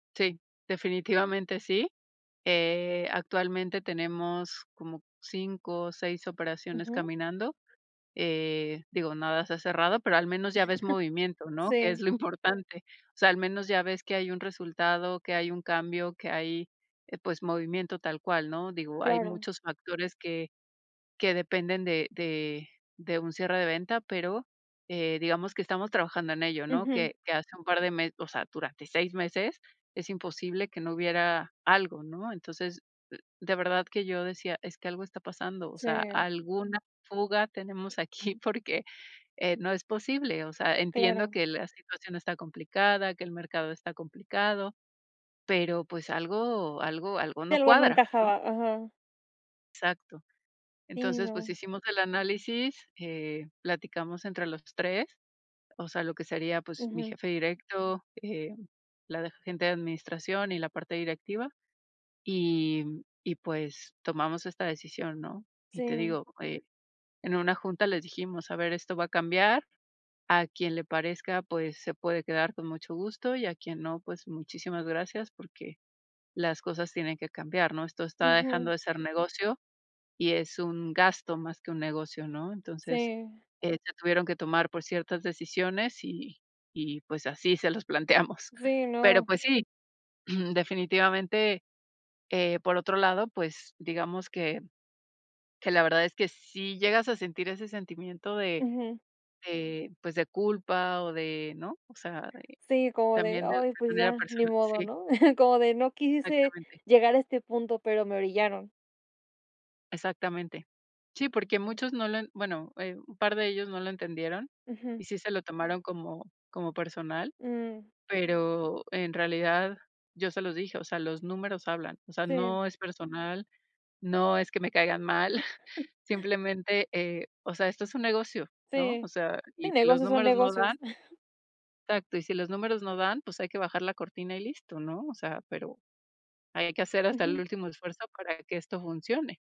Sí, definitivamente sí. Eh, actualmente tenemos como 5 o 6 operaciones Ujú. caminando. Eh, digo, nada se ha cerrado, pero al menos ya ves movimiento, ¿no? Que es Sí. lo importante. O sea, al menos ya ves que hay un resultado, que hay un cambio, que hay, pues, movimiento tal cual, ¿no? Digo, hay Claro. muchos factores que que dependen de de de un cierre de venta, pero, eh, digamos que estamos trabajando en ello, ¿no? Ujú. Que que hace un par de me o sea, durante 6 meses. Es imposible que no hubiera algo, ¿no? Entonces, de verdad que yo decía: "Es que algo está pasando, o sea, Sí. alguna fuga tenemos aquí porque, eh, no es posible". O sea, entiendo Claro. que la situación está complicada, que el mercado está complicado, pero, pues, algo algo algo Si no algo no cuadra, ¿no? encajaba, ajá. Exacto. Sí, Entonces, pues, no. hicimos el análisis, eh, platicamos entre los 3, o sea, lo que sería, pues, mi Ujú. jefe directo, eh, la de agente de administración y la parte directiva, y y, pues, tomamos esta decisión, ¿no? Y te Sí. digo, eh, en una junta les dijimos: "A ver, esto va a cambiar, a quien le parezca, pues, se puede quedar con mucho gusto, y a quien no, pues muchísimas gracias porque las cosas tienen que cambiar", ¿no? "Esto está dejando Ujú. de ser negocio y es un gasto más que un negocio", ¿no? Entonces, Sí se tuvieron que tomar por ciertas decisiones, y y pues así se las planteamos. Sí, Pero, no. pues sí, definitivamente, eh, por otro lado, pues digamos que que la verdad es que sí llegas a sentir ese sentimiento de Ujú. de, pues, de culpa, o de ¿no? O sea, Sí, como de: también de "Ay, pues depende de la ya, ni persona modo," sí. ¿no? Como de: "No quise Exactamente. llegar a este punto, pero me orillaron." Exactamente. Sí, porque muchos no lo en bueno, eh, un par de ellos no lo entendieron, Ujú. y sí se lo tomaron como como personal, Mm. pero en realidad yo se los dije: "O sea, los números hablan, o sea, Sí. no es personal, no es que me caigan mal". Simplemente, eh, o sea, esto es un negocio, ¿no? O Sí, sea, sí, y si los negocios son números no negocios. dan exacto, y si los números no dan pues hay que bajar la cortina y listo, ¿no? O sea, pero ahí hay que hacer hasta el Ujú. último esfuerzo para que esto funcione.